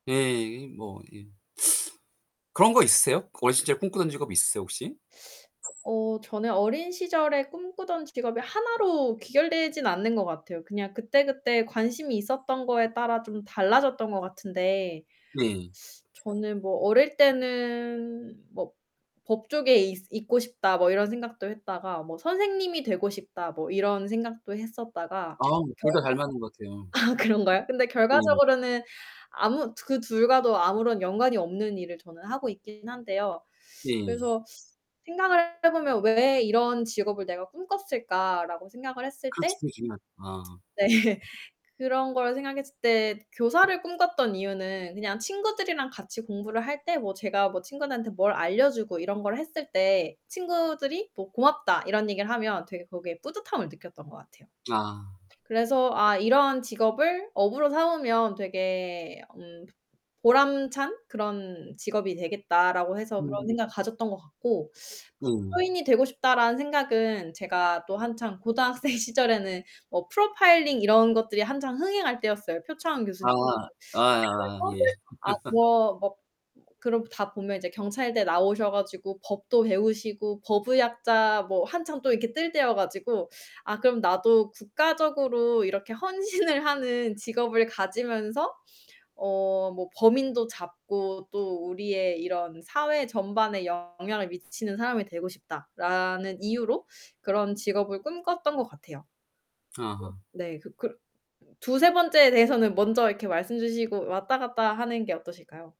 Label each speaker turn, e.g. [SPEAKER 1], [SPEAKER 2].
[SPEAKER 1] 예. 이 뭐 이 그런 거 있으세요? 어린 시절에 꿈꾸던 직업 있으세요, 혹시?
[SPEAKER 2] 어 저는 어린 시절에 꿈꾸던 직업이 하나로 귀결되진 않는 것 같아요. 그냥 그때그때 관심이 있었던 거에 따라 좀 달라졌던 것 같은데
[SPEAKER 1] 네.
[SPEAKER 2] 저는 뭐 어릴 때는 뭐 '법조계 있 있고 싶다.' 뭐 이런 생각도 했다가 뭐 '선생님이 되고 싶다.' 뭐 이런 생각도 했었다가
[SPEAKER 1] 아 둘 다
[SPEAKER 2] 결과
[SPEAKER 1] 잘 맞는 것 같아요.
[SPEAKER 2] 아 그런가요? 근데
[SPEAKER 1] 네.
[SPEAKER 2] 결과적으로는 아무 두 그 둘과도 아무런 연관이 없는 일을 저는 하고 있긴 한데요.
[SPEAKER 1] 네.
[SPEAKER 2] 그래서 생각을 해 보면 '왜 이런 직업을 내가 꿈꿨을까?'라고 생각을 했을
[SPEAKER 1] 그렇죠.
[SPEAKER 2] 때
[SPEAKER 1] [unintelligible] 아.
[SPEAKER 2] 네 그런 걸 생각했을 때 교사를 꿈꿨던 이유는 그냥 친구들이랑 같이 공부를 할 때 뭐 제가 뭐 친구들한테 뭘 알려 주고 이런 걸 했을 때 친구들이 뭐 "고맙다." 이런 얘기를 하면 되게 거기에 뿌듯함을 느꼈던 것 같아요.
[SPEAKER 1] 아.
[SPEAKER 2] 그래서 '아 이런 직업을 업으로 삼으면 되게 음 보람찬 그런 직업이 되겠다.'라고 해서 그런
[SPEAKER 1] 음.
[SPEAKER 2] 생각을 가졌던 것 같고
[SPEAKER 1] 네.
[SPEAKER 2] '법조인이 되고 싶다.'라는 생각은 제가 또 한창 고등학생 시절에는 뭐 프로파일링 이런 것들이 한창 흥행할 때였어요, 표창원
[SPEAKER 1] 아.
[SPEAKER 2] 교수님.
[SPEAKER 1] 아아아
[SPEAKER 2] 그래서
[SPEAKER 1] 예.
[SPEAKER 2] 아 뭐 뭐 그러고 다 보면 이제 경찰대 나오셔 가지고 법도 배우시고 법의학자 뭐 한참 또 이렇게 뜰 때여 가지고 '아 그럼 나도 국가적으로 이렇게 헌신을 하는 직업을 가지면서 어 뭐 범인도 잡고 또 우리의 이런 사회 전반에 영향을 미치는 사람이 되고 싶다.'라는 이유로 그런 직업을 꿈꿨던 것 같아요.
[SPEAKER 1] 아.
[SPEAKER 2] 네. 그 그러 2-3 번째에 대해서는 먼저 이렇게 말씀 주시고 왔다 갔다 하는 게 어떠실까요?